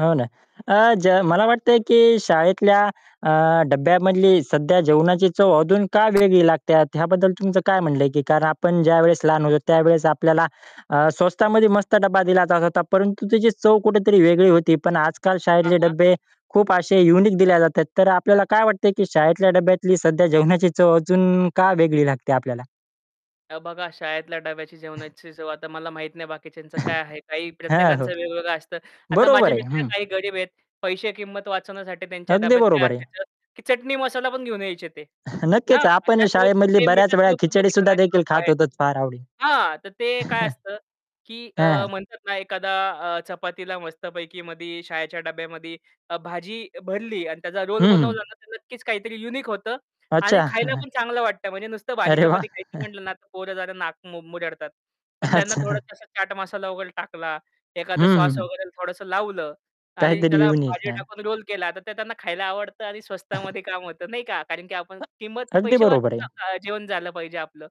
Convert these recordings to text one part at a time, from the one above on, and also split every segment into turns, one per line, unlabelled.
हो ना. अ, ज मला वाटतंय, की शाळेतल्या अ, डब्यामधली सध्या जेवणाची चव अजून का वेगळी लागते ह्याबद्दल तुमचं काय म्हणलं आहे की कारण आपण ज्यावेळेस लहान होतो, त्यावेळेस आपल्याला अ, स्वस्तामध्ये मस्त डब्बा दिला जात होता परंतु त्याची चव कुठेतरी वेगळी होती. पण आजकाल
हां,
शाळेतले
हां.
डब्बे खूप असे युनिक दिल्या जातात. तर अ, आपल्याला काय वाटते, की शाळेतल्या डब्यातली सध्या जेवणाची चव अजून का वेगळी लागते आपल्याला?
अ, बघा शाळेतल्या डब्याची जेवणाची चव आता मला माहीत नाही बाकीच्यांचं काय आहे? काही
हां, हो.
प्रत्येकांचं वेगवेगळं असतं. आता
बरोबर
माझे
आहे,
मित्र
हं.
काही गरीब आहेत. पैसे किमत वाचवण्यासाठी त्यांच्या
अगदी
डब्यात काय
बरोबर आहे.
असायचं की चटणी मसाला पण घेऊन यायचे ते. हां
नक्कीच
आणि
आपण
त्यासोबत
शाळेमधली
ते
बऱ्याच वेळा
मिठासोबत
खिचडी
चपाती
सुद्धा
खाणारे
देखील
लोकं
खात
आहेत.
होतोच फार आवडी
हां, तर ते काय असतं की
हां,
अ, म्हणतात ना एखादा अ, चपातीला मस्तपैकी मधी शाळेच्या डब्यामध्ये अ, भाजी भरली अन् त्याचा रोल
हं.
बनवला ना तर नक्कीच काहीतरी युनिक होतं आणि
अच्छा.
खायला पण चांगलं वाटतं. म्हणजे नुसतं भाजी
अरे वाह!
चपाती खायचं म्हटलं ना, तर पोरं जरा नाक मु मुरडतात. पण त्यांना
अच्छा.
थोडंसं चाट मसाला वगैरे टाकला,
हं,
एखादं श्वास
हं.
वगैरे थोडंसं लावलं आणि
काहीतरी
त्याला
युनिक,
भाजी
हां.
टाकून रोल केला, तर ते त्यांना खायला आवडतं आणि स्वस्तामध्ये काम होतं, नाही का. कारण की आपण
[unintelligible]
किंमत
अगदी
पैसे
बरोबर
वाचून
आहे.
नका, जेवण झालं पाहिजे आपलं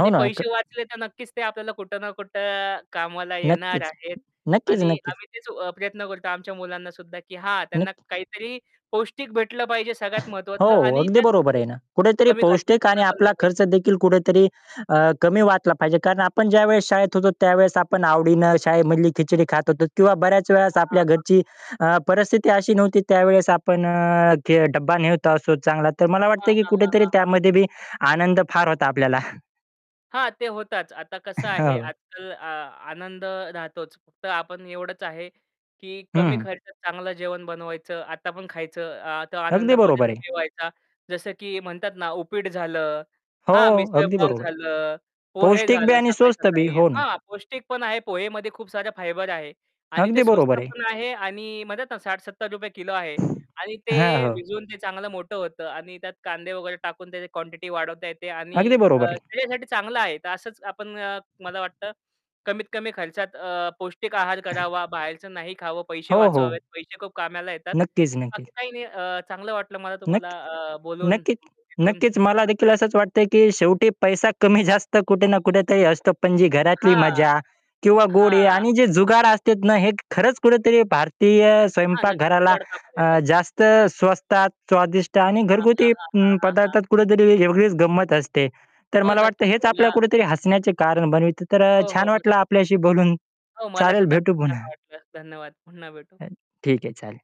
हो ना. क
पैसे वाचले तर नक्कीच ते आपल्याला कुठं ना कुठं कामाला येणार
नक्कीच,
आहेत
नक्कीच,
आणि
नक्कीच.
आम्ही तेच अ, प्रयत्न करतो आमच्या मुलांनासुद्धा की हा त्यांना
नक्क
काहीतरी पौष्टिक भेटलं पाहिजे सगळ्यात
हो,
महत्त्वाचं आणि
अगदी
त्यात
बरोबर आहे ना, कुठेतरी
कमी खर्चात
पौष्टिक आणि
त्यांना बनलं
आपला खर्च
पाहिजे.
देखील कुठेतरी अ, कमी वाटला पाहिजे. कारण आपण ज्यावेळेस शाळेत होतो त्यावेळेस आपण आवडीनं शाळेमधली खिचडी खात होतो किंवा बऱ्याच वेळेस
हां,
आपल्या
हां,
घरची
हां.
अ, परिस्थिती अशी नव्हती त्यावेळेस आपण अ, की डब्बा नेत असो चांगला तर मला
हां,
वाटते की
हां, हां,
कुठेतरी
हां, हां.
त्यामध्ये बी आनंद फार होता आपल्याला.
हां, ते होताच. आता कसं आहे,
हो.
आजकाल अ, आनंद राहतोच फक्त आपण एवढंच आहे, की कमी
हं.
खर्चात चांगलं जेवण बनवायचं आता पण खायचं अ, तो
अगदी
आनंद परत
बरोबर आहे.
मिळवायचा. जसं की म्हणतात ना उपीट झालं,
हो,
हां
अगदी
मिसळपाव
बरोबर आहे,
झालं, पोहे
पौष्टिक बी
झालं
आणि स्वस्त बी,
सकाळी-सकाळी.
हो ना.
हां, पौष्टिक पण आहे पोहेमध्ये खूप साऱ्या फायबर आहे आणि
अगदी
ते
बरोबर
स्वस्त
आहे.
पण आहे आणि म्हणत ना ₹60-₹70 किलो आहे आणि ते
हां, हो.
भिजवून ते चांगलं मोठं होतं आणि त्यात कांदे वगैरे टाकून त्याची क्वांटिटी वाढवता येते आणि
अगदी
अ,
बरोबर आहे.
शरीरासाठी चांगलं आहे. तर असंच आपण अ, मला वाटतं, कमीत कमी खर्चात अ, पौष्टिक आहार करावा, बाहेरचं नाही खावं, पैसे
हो, हो.
वाचवावेत पैसे खूप कामाला येतात.
नक्कीच, नक्कीच.
बाकी काही नाही अ, चांगलं वाटलं मला
नक्क
तुम्हाला अ, बोलून
नक्कीच
भेटून.
नक्कीच मला देखील असंच वाटतंय, की शेवटी पैसा कमी जास्त कुठे ना कुठेतरी असतो. पण जी घरातली
हां
मजा किंवा गोडे
हां.
आणि जे जुगार असतात ना, हे खरंच कुठेतरी भारतीय
हां,
स्वयंपाक
नक्कीच
घराला
जुगाड कामात येतात.
अ, जास्त स्वस्तात, स्वादिष्ट आणि
हां, हां,
घरगुती
हां, हां,
अं,
हां, हां.
पदार्थात कुठेतरी वेगळीच गंमत असते. तर
हो,
मला वाटतं
नक्कीच.
हेच
मला
आपल्याला कुठेतरी हसण्याचे कारण बनतात तर अ,
हो, हो,
छान वाटलं
नक्कीच.
आपल्याशी बोलून
हो, मला
चालेल
सुद्धा
भेटू
खूप छान
पुन्हा.
वाटलं. धन्यवाद पुन्हा भेटू.
अ, ठीक आहे चालेल.